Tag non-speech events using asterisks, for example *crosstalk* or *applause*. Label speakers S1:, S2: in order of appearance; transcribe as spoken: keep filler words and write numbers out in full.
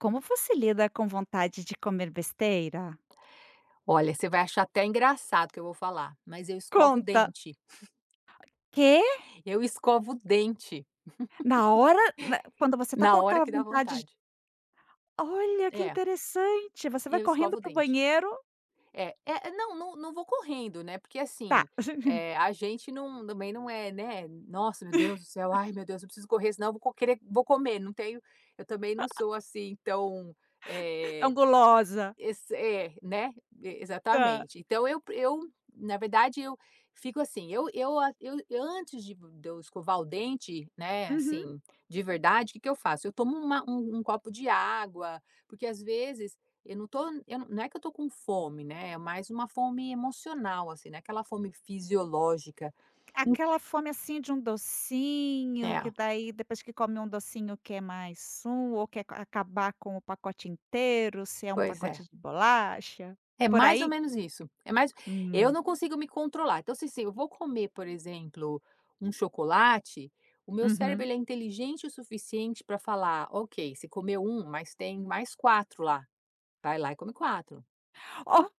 S1: Como você lida com vontade de comer besteira?
S2: Olha, vai achar até engraçado o que eu vou falar, mas eu escovo o
S1: Conta.
S2: dente. *chuckles*
S1: Quê?
S2: Eu escovo o dente,
S1: Na hora, na quando você tá
S2: *chuckles*
S1: com
S2: na hora
S1: aquela
S2: que dá
S1: vontade
S2: vontade.
S1: Olha, que
S2: É.
S1: interessante, você vai
S2: Eu
S1: correndo
S2: escovo o
S1: para o
S2: dente.
S1: banheiro
S2: É é não não não vou correndo né, porque
S1: Tá.
S2: assim,
S1: *chuckles*
S2: eh, a gente não também não é né: "Nossa, meu Deus do céu,
S1: *chuckles*
S2: ai meu Deus, eu preciso correr senão vou querer vou comer", não tenho eu também não
S1: *chuckles*
S2: sou assim tão
S1: *chuckles* Tão
S2: eh,
S1: gulosa.
S2: esse é né, e
S1: Tá.
S2: exatamente. Então eu eu na verdade eu fico assim, eu eu a eu antes de de eu escovar o dente, né,
S1: Uhum.
S2: assim, de verdade, que que eu faço? Eu tomo uma um um copo de água, porque às vezes eu não tô eu não é que eu tô com fome, né, é mais uma fome emocional assim, não é aquela fome fisiológica, en
S1: Aquela fome assim de um docinho, que
S2: É.
S1: daí depois que come um docinho quer mais um, ou quer acabar com o pacote inteiro, se é um
S2: Pois
S1: pacote
S2: é.
S1: de bolacha,
S2: É
S1: por
S2: mais ou
S1: aí?
S2: menos isso, é mais eu
S1: Hum.
S2: não consigo me controlar, então se assim, eu vou comer por exemplo, um chocolate, o meu cérebro
S1: Uhum.
S2: ele é inteligente o suficiente pra falar: "Ok, você comeu um mas tem mais quatro lá. Vai lá e come quatro".
S1: Oh!